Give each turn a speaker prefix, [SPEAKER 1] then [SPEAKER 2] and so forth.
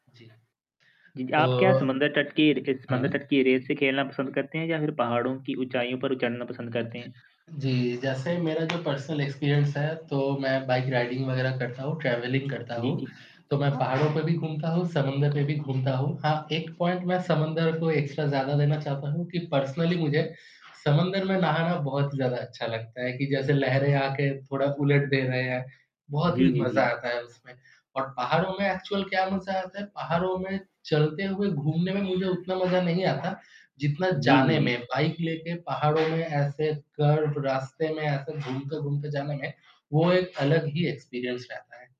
[SPEAKER 1] जी,
[SPEAKER 2] जी, आप क्या
[SPEAKER 1] तो
[SPEAKER 2] समुद्र तट की र ज समुद्र
[SPEAKER 1] हाँ।
[SPEAKER 2] तट की रेत से खेलना पसंद करते हैं या फिर पहाड़ों की ऊँचाइयों पर उ चढ़ना पसंद करते हैं?
[SPEAKER 1] जी, जैसे मेरा जो पर्सनल एक्सपीरियंस है, तो मैं बाइक राइडिंग वगैरह करता हूँ, ट्रैवलिंग करता
[SPEAKER 2] जी,
[SPEAKER 1] हूँ,
[SPEAKER 2] जी।
[SPEAKER 1] तो मैं
[SPEAKER 2] अ
[SPEAKER 1] पहाड़ों पे भी घूमता हूँ, समुंदर में भी घूमता हूँ। हाँ, एक पॉइंट मैं समुंदर को एक्स्ट्रा ज़्यादा देना चाहता हूँ, कि पर्सनली मुझे, समुंदर में नहाना बहुत ज़्यादा अच्छा लगता है, कि जैसे लहरें आके थोड़ा उलट दे रहे है, बहुत ही
[SPEAKER 2] जी, जी,
[SPEAKER 1] मज़ा
[SPEAKER 2] जी।
[SPEAKER 1] आता है उसमें और पहाड़ो में एक्चुअल क्या मज़ा आता है, पहाड़ो में चलते हुए घूमने में मुझे उतना मज़ा नहीं आता, जितना
[SPEAKER 2] जी, जी,
[SPEAKER 1] जाने में,
[SPEAKER 2] जी।
[SPEAKER 1] बाइक लेके पहाड़ों में ऐसे कर्व रास्ते में ऐसे घूमते-घूमते जाने में, वो एक अलग ही एक्सपीरियंस रहता है।